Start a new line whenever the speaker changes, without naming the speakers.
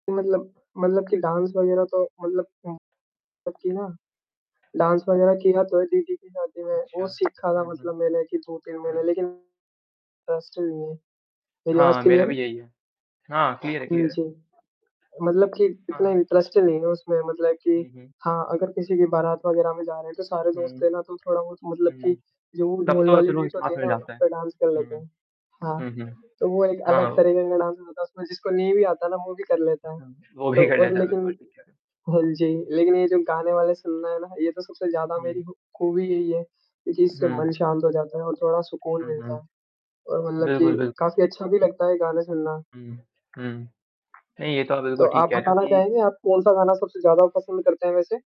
कि मतलब मतलब कि डांस वगैरह तो मतलब उम, सच है ना? डांस वगैरह किया तो है दीदी की शादी में,
अच्छा।
वो सीखा था
हुँ, हुँ।
मतलब मैंने कि 2-3
हाँ
महीने
जी।
लेकिन अ, हॉस्टल में मेरी आवाज़
हाँ, मेरा
क्लियर है?
भी यही है। हाँ, क्लियर है
हुँ,
क्लियर है।
जी। मतलब कि इतना
हाँ।
इंटरेस्ट नहीं है उसमें मतलब कि
हुँ, हुँ।
हाँ, अगर किसी के बारात वग़ैरह में जा रहे हैं, तो सारे दोस्त
हुँ।
रहे ना, तो थोड़ा वो मतलब
हुँ, हुँ।
कि जो वो
तब
ढोल
तो
वाली
चलो
बीट
इसमें आ
होती है
फिर
ना,
जाता
उस
है।
पे डांस कर लेते
हुँ।
हैं। हाँ,
हुँ, हुँ।
तो वो एक
हाँ,
अलग
ओ
तरीके का डांस होता है उसमें जिसको नहीं भी आता ना वो भी कर लेता है वो।
हुँ, वो
तो
भी कर
और
लेता है,
लेकिन
बिल्कुल ठीक है।
हाँ जी, लेकिन ये जो गाने वाले सुनना है ना, ये तो सबसे ज़्यादा
हुँ।
मेरी खू खूबी यही है क्योंकि इससे मन
हुँ।
शांत हो जाता है और थोड़ा सुकून
हुँ,
मिलता
हुँ।
है। और मतलब कि
बिल्कुल, बिल्कुल।
काफ़ी अच्छा भी लगता है, गाने सुनना।
हुँ, हुँ। नहीं ये तो आप
तो
बिल्कुल ठीक
आप
कह रहे हो
बताना
कि
चाहेंगे आप कौन-सा गाना सबसे ज़्यादा आप पसंद करते हैं वैसे?